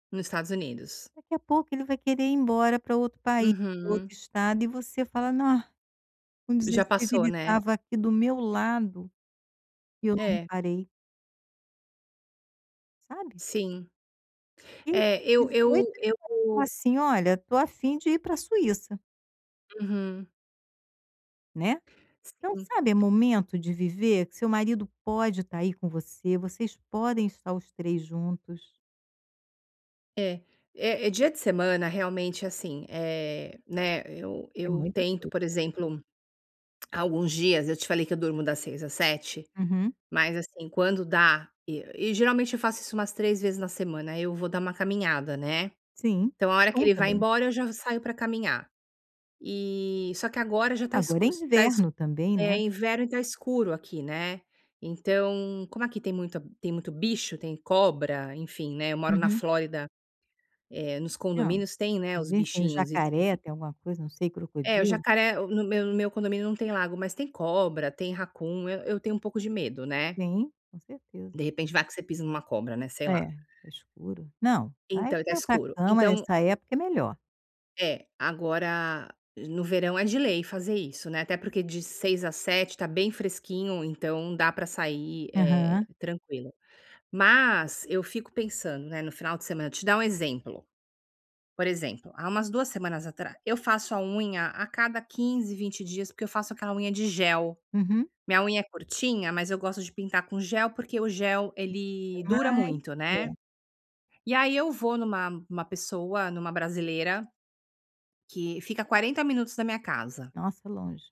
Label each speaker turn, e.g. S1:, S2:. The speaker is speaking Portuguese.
S1: No Estados Unidos.
S2: Daqui a pouco ele vai querer ir embora para outro país, para outro
S1: Uhum.
S2: estado e você fala: "Ah, com
S1: Já
S2: 16
S1: passou,
S2: ele
S1: né.
S2: estava aqui do meu lado, e eu não
S1: É.
S2: reparei". Sabe?
S1: Sim.
S2: E
S1: É, eu
S2: 18
S1: eu
S2: ele falou
S1: eu
S2: assim: "Olha, tô a fim de ir para Suíça".
S1: Uhum.
S2: Né? Então,
S1: Sim.
S2: sabe, é momento de viver, que seu marido pode estar aí com você, vocês podem estar os 3 juntos.
S1: É é é dia de semana realmente, assim, eh, né, eu
S2: É
S1: eu
S2: muita
S1: tento,
S2: coisa.
S1: por exemplo, alguns dias eu te falei que eu durmo das 6 às 7,
S2: Uhum.
S1: mas assim, quando dá, e e geralmente eu faço isso umas 3 vezes na semana, eu vou dar uma caminhada, né.
S2: Sim,
S1: Então, a hora
S2: é
S1: que
S2: bom
S1: ele vai
S2: também.
S1: embora eu já saio para caminhar. E só que agora já tá
S2: Agora
S1: escu
S2: é
S1: tá escu
S2: inverno também,
S1: é
S2: né.
S1: inverno e tá escuro aqui, né. Então, como aqui tem muita tem muito bicho, tem cobra, enfim, né, eu moro na
S2: Uhum.
S1: Flórida, eh, nos
S2: Hã,
S1: condomínios tem, né,
S2: às
S1: os
S2: vezes tem o
S1: bichinhos e
S2: jacaré, tem
S1: enfim.
S2: até alguma coisa, não sei
S1: É o
S2: crocodilo.
S1: jacaré, no meu no meu condomínio não tem lago mas tem cobra, tem raccoon, eu eu tenho um pouco de medo, né.
S2: Sim, com
S1: De
S2: certeza.
S1: repente vai que você pisa numa cobra, né, sei lá.
S2: É, escuro. Não, vai
S1: Então tá
S2: pra pra
S1: escuro,
S2: cama,
S1: então
S2: nessa época é melhor.
S1: É, agora no verão é de lei fazer isso, né, até porque de 6 às 7 tá bem fresquinho então dá para sair, eh,
S2: Aham.
S1: tranquilo. Mas eu fico pensando, né, no final de semana, vou te dar um exemplo. Por exemplo há umas 2 semanas atrá eu faço a unha a cada 15, 20 dias, porque eu faço aquela unha de gel.
S2: Uhum.
S1: Minha unha é curtinha, mas eu gosto de pintar com gel porque o gel, ele dura
S2: Mais
S1: muito, né.
S2: tempo.
S1: E aí eu vou em uma em uma pessoa, em uma brasileira, que fica 40 minutos da minha casa.
S2: Nossa, longe.